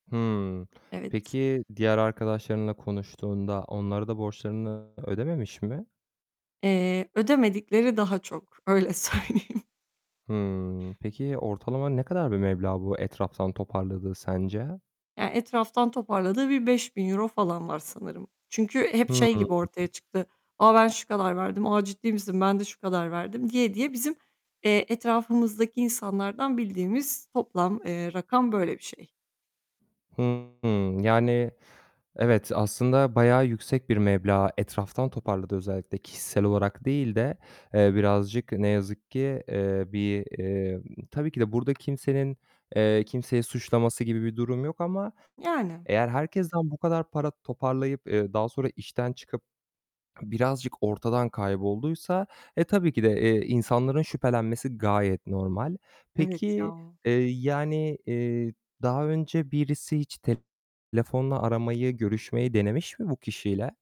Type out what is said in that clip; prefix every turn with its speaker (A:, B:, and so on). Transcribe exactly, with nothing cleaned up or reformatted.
A: Hıı.
B: Evet.
A: Peki, diğer arkadaşlarınla konuştuğunda onlara da borçlarını ödememiş mi?
B: Eee, ödemedikleri daha çok, öyle söyleyeyim.
A: Hıı. Peki, ortalama ne kadar bir meblağ bu etraftan toparladığı sence?
B: Ya, etraftan toparladığı bir beş bin euro falan var sanırım. Çünkü hep şey
A: Hıı.
B: gibi ortaya çıktı, "A, ben şu kadar verdim." "A, ciddi misin? Ben de şu kadar verdim." diye diye bizim, eee, etrafımızdaki insanlardan bildiğimiz toplam, eee, rakam böyle bir şey.
A: Hıı. Yani, evet, aslında bayağı yüksek bir meblağ etraftan toparladığı özellikle, kişisel olarak değil de eee, birazcık ne yazık ki, eee, bir, eee Tabii ki de burada kimsenin, eee, kimseyi suçlaması gibi bir durum yok ama
B: Yani.
A: eğer herkesten bu kadar para toparlayıp, eee, daha sonra işten çıkıp birazcık ortadan kaybolduysa, e, tabii ki de, eee, insanların şüphelenmesi gayet normal.
B: Evet
A: Peki,
B: ya.
A: eee, yani, eee, daha önce birisi hiç telefonla aramayı, görüşmeyi denemiş mi bu kişiyle?